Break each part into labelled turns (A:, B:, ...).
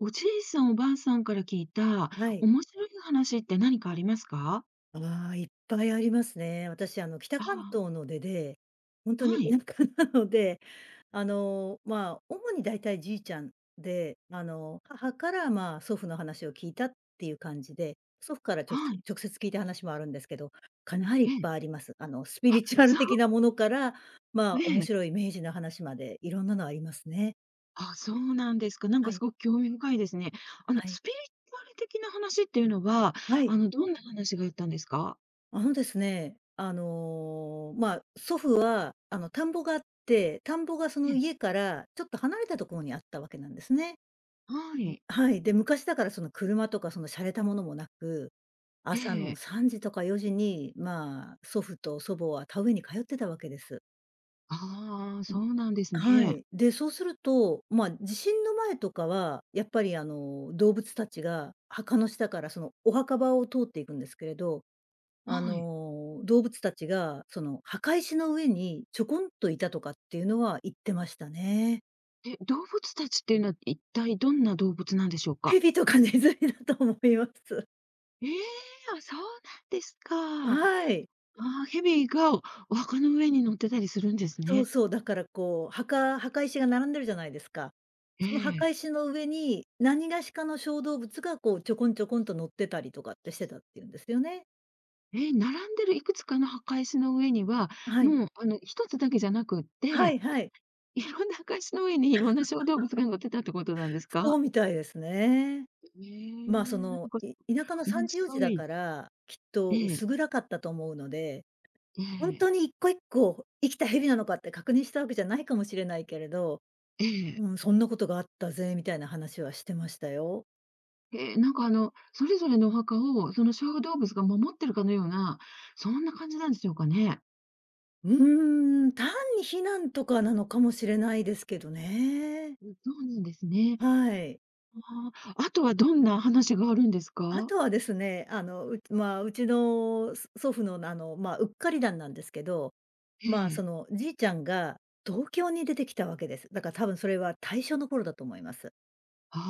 A: おじいさん、おばあさんから聞いた、
B: ない。
A: 面白い話って何かありますか？
B: ああ、いっぱいありますね。私あの、北関
A: ああ。
B: 東の出で、ほんとに
A: はい。
B: 田舎なので、あの、ま、主に大体じいちゃんで、あの母からま祖父の話を聞いたっていう感じで、祖父からちょ
A: はい。
B: 直接聞いた話もあるんですけど、かなりいっ
A: うん。
B: ぱいあります。あのスピ
A: あ、
B: リチュアル
A: そう
B: 的なものからま、面
A: ええ。
B: 白い明治の話までいろんなのありますね。
A: あ、そうなんですか。なん
B: は
A: かす
B: い。
A: ごく興味深いですね。あの
B: はい。
A: スピリチュアル的な話っていうのは、
B: はい。
A: あのどんな話があったんですか？
B: あのですね、あの、ま、祖父は、あの田んぼがあって、田んぼがそ
A: え
B: の
A: え。
B: 家からちょっと離れたところにあったわけなんですね。
A: はい。
B: はい、で、昔だからその車とかその洒落たものもなく、朝
A: え
B: の
A: え。
B: 3時とか4時にま、祖父と祖母は田植えに通ってたわけです。
A: ああ、
B: うん、
A: そうなんです
B: は
A: ね。
B: い。で、そうするとま地震の前とかは、やっぱりあの、動物たちが墓の下からそのお墓場を通っていくんですけれど、あ
A: はい。
B: の動物たちがその墓石の上にちょこんといたとかっていうのは言ってましたね。
A: え、動物たちっていうのは一体どんな動物なんでしょうか？
B: 蛇とかネズミだと思います。
A: ええ、あ、そうなんですか。あ
B: はい。
A: あ、蛇がお墓の上に乗ってたりするんです
B: そう
A: ね。
B: そう。だからこう、墓墓石が並んでるじゃないですか。
A: え
B: その
A: え。
B: 墓石の上に、何がしかの小動物が、こう、ちょこんちょこんと乗ってたりとかってしてたって言うんですよね。
A: え、並んでるいくつかの墓石の上には、
B: あ、はい。
A: もう、あの1つだけじゃなくっ
B: は
A: て、
B: いはい。
A: いろんな墓石の上に色んな小動物 が乗ってたってことなんです
B: そ
A: か？
B: うみたいですね。
A: へえ、
B: ま、そ
A: なん
B: の、
A: か、
B: い田舎のさ
A: 面
B: んじ4時
A: 白
B: だ
A: い。
B: から、きっと
A: ええ。
B: 薄暗かったと思うので、
A: え
B: ほん
A: え。
B: とに1個1個、生きた蛇なのかって確認したわけじゃないかもしれないけれど、
A: ええ。
B: うん。「そんなことがあったぜ」みたいな話はしてましたよ。
A: ええ、なんか、あの、それぞれのお墓を、その小動物が守ってるかのような、そんな感じなんでしょうかね。
B: うーん。単に避難とかなのかもしれないですけどね。
A: うん。そうなんですね。
B: はい。
A: ああ、あとはどんな話があるんです
B: あ
A: か？
B: とはですね、あの、うまあ、うちの、そ祖父の、あのま、うっかり談なんですけど。
A: え
B: まあ、そ
A: え。
B: のじいちゃんが、東京に出てきたわけです。だから多分それは大正の頃だと思います。
A: あ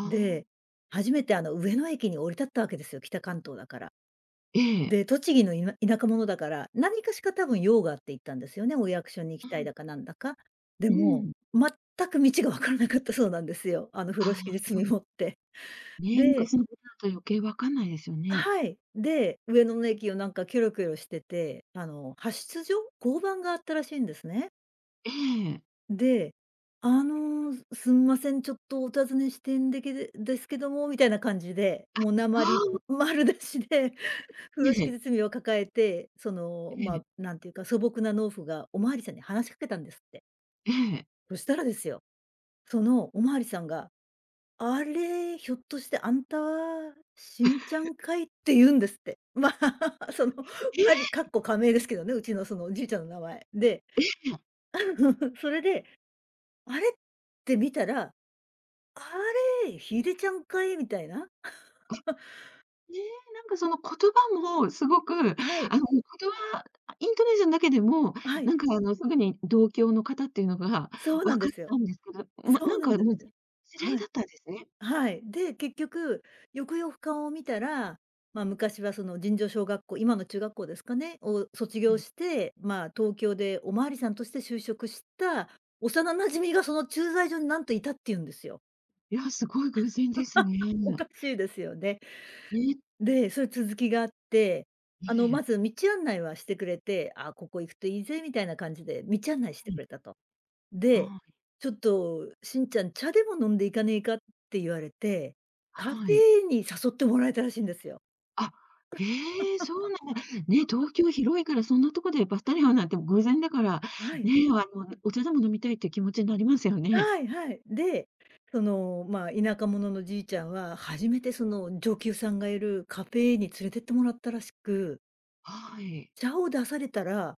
A: あ。
B: で、初めてあの上野駅に降り立ったわけですよ、北関東だから。
A: ええ。
B: で、栃木のいな田舎者だから、何かしか多分用があって行ったんですよね、お役所に行き
A: う
B: たい
A: ん。
B: だかなんだか。で
A: う
B: も、
A: ん。
B: 全く道が分からなかったそうなんですよ。あの風
A: あ
B: 呂
A: あ、
B: 敷で
A: そう
B: 積
A: なん
B: もって。
A: ね、
B: で
A: 昔のことだと余計分かんないですよ
B: あ、
A: ね。
B: はい。で、上野の駅をなんかキョロキョロしてて、あの派出所、交番があったらしいんですね。
A: ええ。
B: で「あの、すんません、ちょっとお尋ねしてんでけでですけども」な感じで、もう
A: あ、
B: 訛
A: は
B: り、ん、
A: あ。
B: 丸出しで、風呂
A: え
B: 敷
A: え。
B: 包みを抱えて、そ
A: え
B: の、
A: え。
B: ま、なんていうか、素朴な農夫がお巡りさんに話しかけたんですって。
A: ええ。
B: そしたらですよ、そのお巡りさんが「あれ、ひょっとしてあんた、しんちゃん かい」って言うんですって。まあ、その、
A: ええ！
B: 仮括弧仮名ですけどね、うちのそのおじいちゃんの名前。で、
A: ええ、や。
B: あん、それであれって見たら「あれ、ヒデちゃんかい」みたいな。
A: あ、ね、なんかその言葉も凄く、あの、言
B: はい。
A: 葉あ、イントネーションだけでも、
B: あ、はい。
A: なんかあの、すぐに同郷の方っていうのが
B: そう
A: 分
B: なんで
A: かっ
B: すよ。
A: たんですけど、ま、
B: そ
A: な
B: う
A: ん
B: なん
A: か
B: です。
A: もう、ぜん知り合い
B: はい。
A: だったんですね。
B: はい。で、結局、よくよく顔を見たら、ま、昔はその尋常小学校、今の中学校ですかね、を卒
A: う
B: 業
A: ん。
B: して、ま、東京でお巡りさんとして就職した幼馴染みが、その駐在所になんと居たって言うんですよ。
A: いや、すごい偶然です
B: お
A: ね。
B: かしいですよね。
A: え。
B: で、それ続きがあって、
A: え
B: あの、ま
A: え。
B: ず道案内はしてくれて、「ああ、ここ行くといいぜ」みたいな感じで、道案内して
A: うん。
B: くれたと。で、
A: はあ。
B: 「ちょっとシンちゃん、茶でも飲んで行かねえか？」って言われて、カフ
A: はい。
B: ェーに誘ってもらえたらしいんですよ。
A: あ、へえ、そうなんだ。ね、東京広いから、そんなとこでばったり会うなんて、偶然だから、
B: はい。
A: ね、あのお茶でも飲みたいっていう気持ちになりますよね。
B: はいはい。で、そのまあ田舎者のじいちゃんは、初めてその女給さんがいるカフェーに連れてってもらったらしく
A: はい。
B: 「茶を出されたら、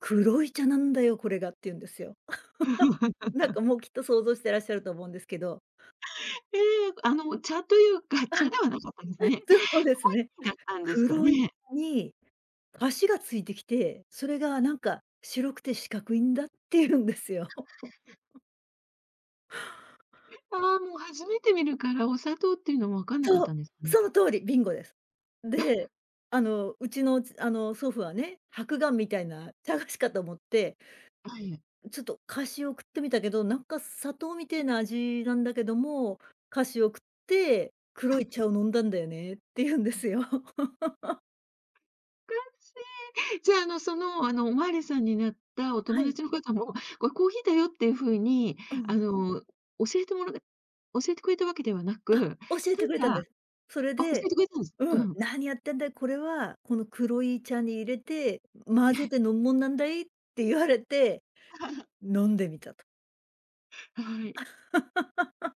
B: 黒い茶なんだよ、これが」言うんですよ。なんか もうきっと想像してらっしゃると思うんですけど。
A: ええ、あの茶というか、
B: ああ。
A: 茶ではなかったんですかね。コー
B: そうですね。
A: ヒーだったんですか
B: 「黒い
A: ね。
B: 茶に菓子が付いてきて、それがなんか白くて四角いんだ」って言うんですよ。
A: ああ、もう初めて見るから、お砂糖っていうのも分かんなかっ
B: そ
A: た
B: う、
A: んですかね。
B: その通り、ビンゴです。で、あの、うちのちあの祖父はね、はくがんみたいな茶菓子かと思って
A: はい。
B: 「ちょっと菓子を食ってみたけど、なんか砂糖みてえな味なんだけども、菓子を食って、黒い茶を飲んだんだよね」って言うんですよ。
A: かしい。じゃあ、あのその、あの、お巡りさんになったお
B: は
A: 友
B: い。
A: 達の方も、これコーヒーだよっていう風に
B: う
A: あ
B: ん。
A: の、教えてもら教えてくれたわけではなく、
B: あっ、教え
A: た
B: てくれたん
A: だ
B: です。それ
A: あ、教え
B: で、
A: てくれたんです。
B: う
A: う
B: ん、
A: ん。
B: 「何やってんだよ、これは、この黒い茶に入れて、混
A: え
B: ぜ
A: え。
B: て飲むもんなんだい」って言われて 飲んでみたと。
A: はい。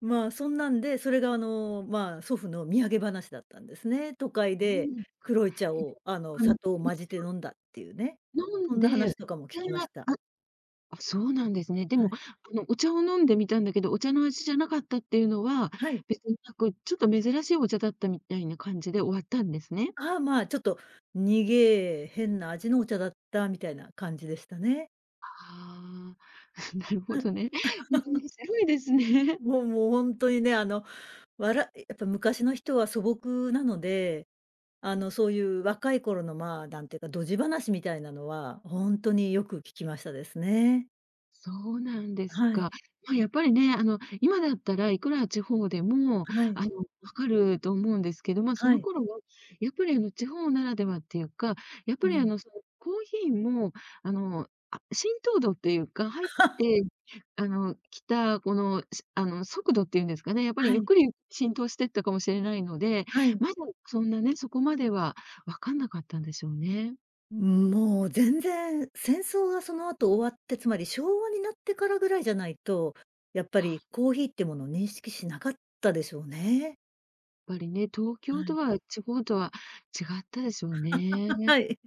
B: まあ、そんなんで、それがあの、まあ祖父の土産話だったんですね。都会
A: そう
B: で
A: ですか。
B: 黒い茶
A: え、で
B: を
A: も、
B: あの、
A: あの
B: 砂糖を
A: う
B: 混じ
A: ち
B: て
A: は
B: 飲んだっていうね。
A: 飲
B: そ
A: ん
B: んな
A: で、お
B: 話とかも聞
A: 茶
B: きま
A: のあ
B: した。
A: あ、そうなんですね。で
B: は
A: も、
B: い。
A: あのお茶を飲んでみたんだけど、お茶の味じゃなかったっていうのは、
B: はい。
A: 別になく、ちょっと珍しいお茶だったみたいな感じで終わったんですね。
B: ああ、まあ、ちょっと「にげえ、変な味のお茶だった」みたいな感じでしたね。
A: ああ、なるほ
B: うん。
A: どね。面白いですね。
B: もうもう、ほんとにね、あの、わらやっぱ昔の人は素朴なので、あのそういう若い頃のまあ、なんていうか、ドジ話みたいなのは、ほんとによく聞きましたですね。
A: そうなんです
B: は
A: か。
B: い。
A: ま、やっぱりね、あの今だったらいくら地方でも
B: はい。
A: あの分かると思うんですけど、ま、そ
B: は
A: の
B: い。
A: 頃は、やっぱりあの地方ならではっていうか、やっぱ
B: う
A: りあ
B: ん。
A: のそのコーヒーも、あの、あ、浸透度っていうか、入っ てあの来たこの、しあの、速度って言うんですかね、やっぱり
B: は
A: ゆっ
B: い。
A: くりゆ浸透してったかもしれないので、
B: はい。
A: まだそんなね、そこまでは分かんなかったんでしょうね。
B: うん、もう全然戦争がその後終わって、つまり昭和になってからぐらいじゃないと、やっぱり
A: あ。
B: コーヒーってもの認識しなかったでしょうね。
A: やっぱりね、東京
B: は
A: と
B: い。
A: は、地方とは違ったでしょうね。
B: はい。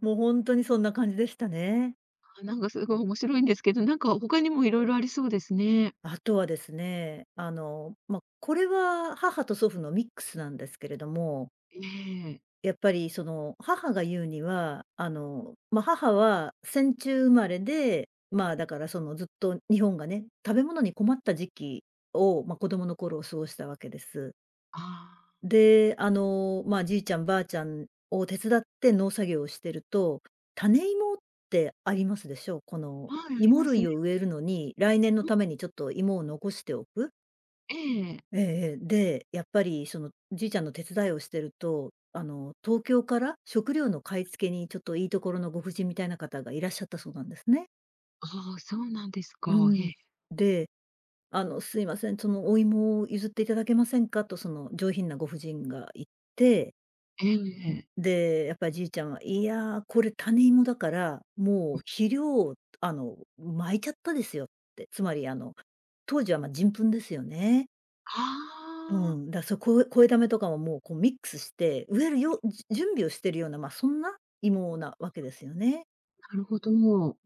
B: もうほんとにそんな感じでしたね。
A: あ、何か凄い面白いんですけど、何か、他にもいろいろありそうですね。
B: あとはですね、あの、ま、これは母と祖父のミックスなんですけれども。
A: ええ。
B: やっぱりその、母が言うには、あのま、母は戦中生まれで、まあだからその、ずっと日本がね、食べ物に困った時期を、ま、子供の頃を過ごしたわけです。
A: ああ。
B: で、あの、ま、じいちゃん、ばあちゃんを手伝って農作業をしてると、種芋ってありますでしょ。この、
A: はい、あり
B: 芋
A: ますね。
B: 類を植えるのに、来年の
A: うん。
B: ためにちょっと芋を残しておく。
A: ええ。
B: ええええ、で、やっぱりそのじいちゃんの手伝いをしてると、あの、東京から食料の買い付けに、ちょっといいところのご婦人みたいな方が、いらっしゃったそうなんですね。
A: ああ、そうなんです
B: う
A: か？へ
B: ん。
A: え。
B: で「あの、すいません、そのお芋を譲っていただけませんか？」と、その上品なご婦人が言って。
A: えう、ええ。
B: ん、で、やっぱ爺ちゃんは「いや、これ種芋だから、もう
A: うん。
B: 肥料をあの、巻いちゃったですよ」って、つまりあの、当時はま、人糞ですよね。
A: あ
B: う
A: あ。
B: ん、だ、そう肥肥溜めとかも、もうこうミックスして、植えるようん、じゅ準備をしてるような、ま、そんな芋なわけですよね。
A: なるほど。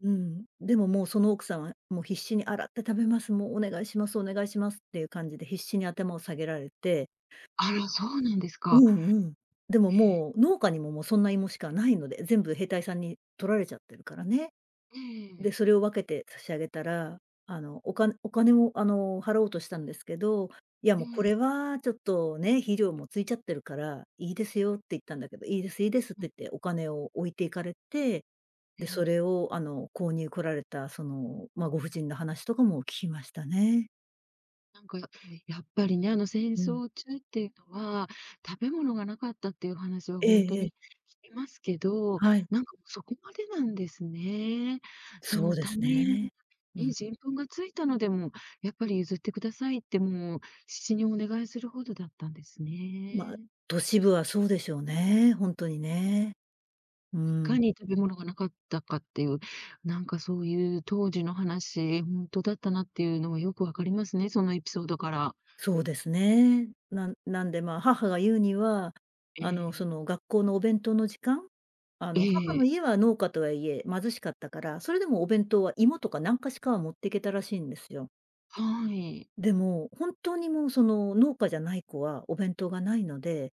B: うん、でももうその奥さんは、もう必死に「洗って食べます、もうお願いします、お願いします」っていう感じで必死に頭を下げられて
A: あら、そうなんです
B: う
A: か。
B: ん、うんうん。でも、
A: へえ。
B: もう、農家にも、もうそんな芋しかないので、全部兵隊さんに取られちゃってるからね。
A: ええええええ。
B: で、それを分けて差し上げたら、あの、おかんお金を、あの、払おうとしたんですけど、「いや、
A: え
B: もうこ
A: え。
B: れはちょっとね、肥料もついちゃってるから、いいですよ」って言ったんだけど、「いいです、いいです」っ
A: う
B: て
A: ん。
B: 言って、お金を置いて行かれて、
A: え
B: で、そ
A: え。
B: れを、あの、購入来られた、その、ま、ご婦人の話とかも聞きましたね。
A: なんか、やっぱりやっぱりね、あの戦
B: うん。
A: 争中っていうのは、食べ物が無かったっていう話は
B: え
A: ほんと
B: ええ
A: に
B: え。
A: 聞きますけど、
B: はい。
A: なんかそこまでなんですね。そ
B: そう
A: の
B: です
A: 種芋
B: ね、うん。
A: に人糞がついたのでも、やっぱり譲ってくださいってもう必死にお願いするほどだったんです
B: ま、
A: ね。
B: 都市部はそうでしょうね、ほんとにね。う
A: い
B: ー
A: か
B: ん。
A: に食べ物が無かったかっていう、なんかそういう当時の話、ほんとだったなっていうのはよく分かりますね、そのエピソードから。
B: そうですね。なんなんでまあ母が言うには、
A: え
B: あの、
A: え。
B: その学校のお弁当の時間あ
A: え
B: の母の
A: え。
B: 家は農家とはいえ、貧しかったから、それでもお弁当は芋とかなんかしかは持ってけたらしいんですよ。
A: はい。
B: でも、本当にもうその農家じゃない子はお弁当がないので、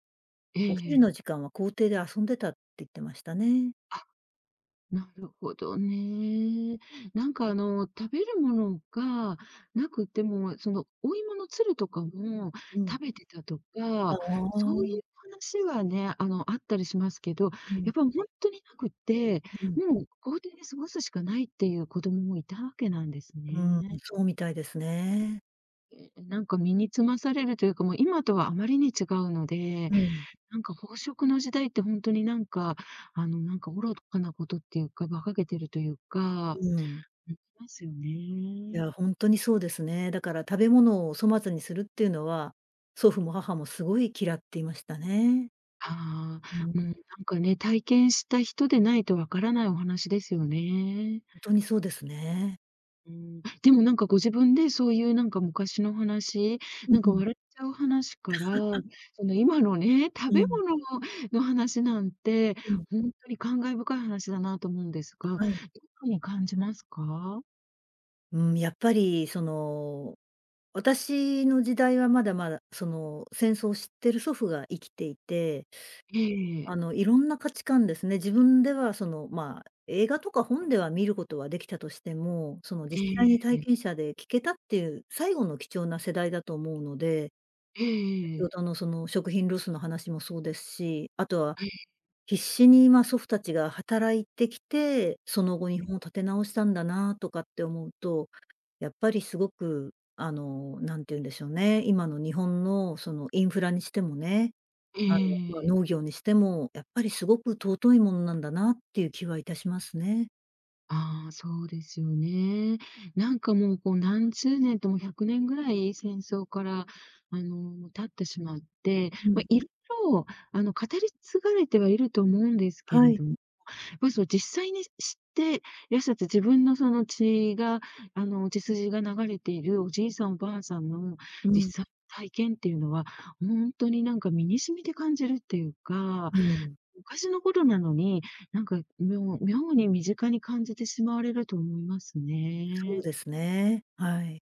A: え
B: お昼
A: え。
B: の時間は校庭で遊んでたって言ってましたね。
A: あ、なるほどね。なんかあの、食べるものが無くてもう、そのお芋のつるとかも
B: うん。
A: 食べてたと
B: あ
A: か、そう
B: あ。
A: いう話はね、あのあったりしますけど、
B: うん。
A: やっぱほんとになくって、
B: うん。
A: もう校庭で過ごすしかないっていう子供もいたわけなんです
B: うーん、
A: ね。
B: そうみたいですね。
A: なんか身につまされるというか、もう今とはあまりに違うので、
B: うん。
A: なんか飽食の時代ってほんとになんか、あのなんか愚かなことっていうか、馬鹿げてるというか、
B: うん。
A: ん、ますよ
B: い
A: ね。
B: や、ほんとにそうですね。だから食べ物を粗末にするっていうのは、祖父も母もすごい嫌っていましたね。
A: は
B: う
A: あ。もう、
B: ん。
A: なんかね、体験した人でないと分からないお話ですよね。
B: んとにそうですね。
A: うん、でも何かご自分でそういうなんか昔の話、
B: う
A: なんか
B: ん。
A: 笑っちゃう話から、その今のね、食
B: う
A: べ
B: ん。
A: 物の、の話なんて、
B: うん。
A: ほんとに感慨深い話だなと思うんですが、どう
B: はい。
A: ゆうふうに感じますか？
B: うーん、やっぱりその、私の時代はまだまだ、その戦争を知ってる祖父が生きていて。
A: ええ。
B: あの色んな価値観ですね、自分ではそのまあ、映画とか本では見ることはできたとしても、その
A: え
B: 実際に体
A: え。
B: 験者で聴けたっていう、最後の貴重な世代だと思うので
A: えええ
B: 先ほ
A: え。
B: どのその食品ロスの話もそうですし、あとは、
A: ええ。
B: 必死にまあ祖父たちが働いてきて、その後日本立て直したんだなとかって思うと、やっぱり凄く、あの何て言うんでしょうね、今の日本のそのインフラにしてもね、あのまあ
A: ええ。
B: 農業にしても、やっぱり凄く尊いものなんだなっていう気はいたしますね。
A: ああ、そうですよね。なんかもう、こう何十年とも100年ぐらい、戦争からあの、経ってしまって、
B: う
A: ま、
B: ん。
A: 色々あの、語り継がれてはいると思うんですけ
B: は
A: れ
B: い。
A: ど、ま、そう実際に知って、やそて自分のその血が、あの、血筋が流れているおじいさん、おばあさんの
B: うん。
A: 実際体験っていうのは、ほんとになんか身に染みて感じるっていうか、
B: うん。
A: 昔のことなのに、なんかみょう妙に身近に感じてしまわれると思います
B: そう
A: ね。
B: ですね。はい。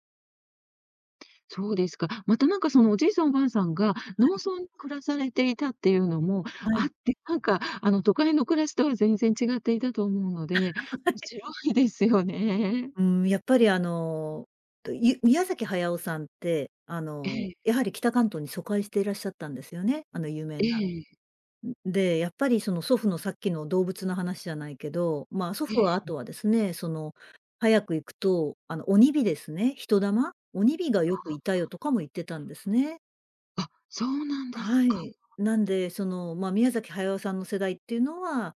A: そうですか。またなんか、そのおじいさんおばあさんが、
B: は
A: 農
B: い。
A: 村暮らされていたっていうのも
B: は
A: あ
B: い。
A: って、なんかあの、都会の暮らしとは全然違っていたと思うの で、
B: は
A: お
B: い。
A: しろいですよね。
B: うん、やっぱりあの、とゆ宮崎駿さんって、あ
A: え
B: の、
A: え。
B: やはり北関東に疎開していらっしゃったんですよね、あの有名な。
A: ええ。
B: うん、で、やっぱりその祖父のさっきの動物の話じゃないけど、まあ、祖
A: ええ。
B: 父は
A: うん。
B: 後はですね、その、早く行くと、あの、鬼火ですね、人魂？「鬼火がよ
A: あ
B: く
A: あ。
B: いたよ」
A: あ。
B: とかも言ってたんですね。
A: あ、そうなんです
B: は
A: か。
B: い。なんで、その、まあ宮崎駿さんの世代っていうのは、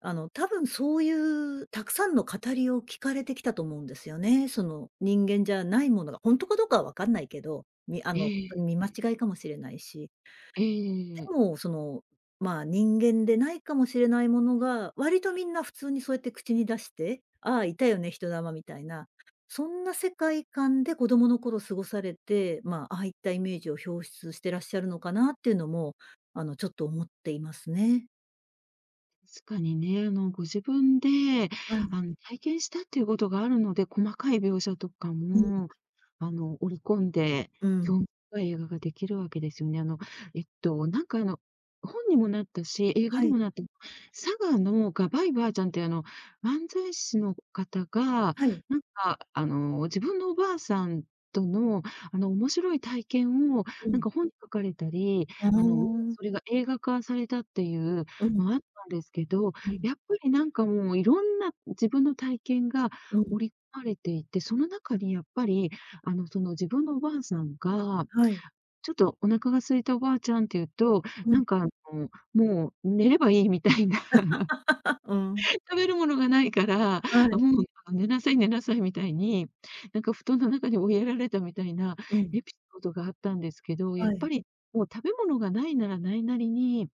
B: あのたぶん、そういうたくさんの語りを聞かれてきたと思うんですよね。その人間じゃないものが、本当かどうかは分かんないけど、みあ
A: え
B: のとに見間
A: え。
B: 違いかもしれないし。
A: ええええ
B: で
A: ええ。
B: も、そのまあ人間でないかもしれないものが、割とみんな普通にそうやって口に出して「ああ、いたよね、人魂」みたいな、そんな世界観で子供の頃過ごされて、まあ、ああいったイメージを表出してらっしゃるのかなっていうのも、あのちょっと思っていますね。
A: 確かにね、あのご自分で
B: はい。
A: あの体験したっていうことがあるので、細かい描写とか
B: うん。
A: もあの織り込んで
B: うん。
A: 興深い映画ができるわけですよね。あの、えっとなんかあの本にもなったし、映画
B: は
A: に
B: い。
A: もなって、佐賀のがばいばあちゃんっていうあの、漫才師の方が、
B: はい。
A: なんかあの自分のおばあさんとの、あの面白い体験を、
B: う
A: なん
B: ん。
A: か本に書かれたり、
B: う
A: あの、
B: ーん。
A: それが映画化されたっていう
B: うん。
A: のあったんですけど、
B: うん。
A: やっぱりなんかもう色んな自分の体験が
B: うん。
A: 織り込まれていて、その中にやっぱり、あの、その自分のおばあさんが、
B: はい。
A: ちょっと「お腹が空いた、おばあちゃん」っていうと、
B: う
A: な
B: ん。
A: んかあの、もう「寝ればいい」みたいな。
B: うん。
A: 食べるものが無いから
B: はい。
A: 「もう寝なさい寝なさい」みたいに、なんか布団の中に追いやられたみたいな
B: うん。
A: エピソードがあったんですけど、や
B: は
A: っ
B: い。
A: ぱり、もう食べ物が無いなら無いなりに、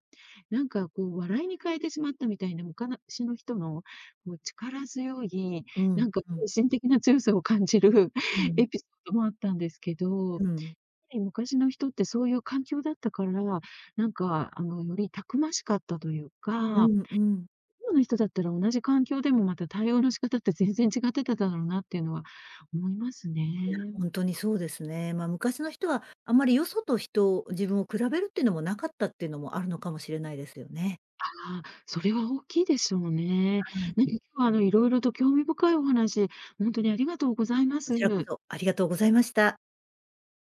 A: なんかこう笑いに変えてしまったみたいな、むかなしの人の、こう力強い、
B: うん
A: なんか
B: うん。
A: 精神的な強さを感じる
B: うん。
A: エピソードもあったんですけど、やっ
B: う
A: ぱ
B: ん。
A: り昔の人ってそういう環境だったから、なんかあの、よりたくましかったという
B: う
A: か、
B: んうん。
A: 今の人だったら、同じ環境でも、また対応の仕方って全然違ってただろうなっていうのは思います
B: いや
A: ね。
B: 本当にそうですね。まあ昔の人はあまりよそと人を、自分を比べるっていうのも無かったっていうのもあるのかもしれないですよね。
A: ああ、それは大きいでしょうね。
B: はい。
A: うは、あの、色々と興味深いお話、ほんとにありがとうございま
B: こちらこ
A: す。
B: そ、ありがとうございました。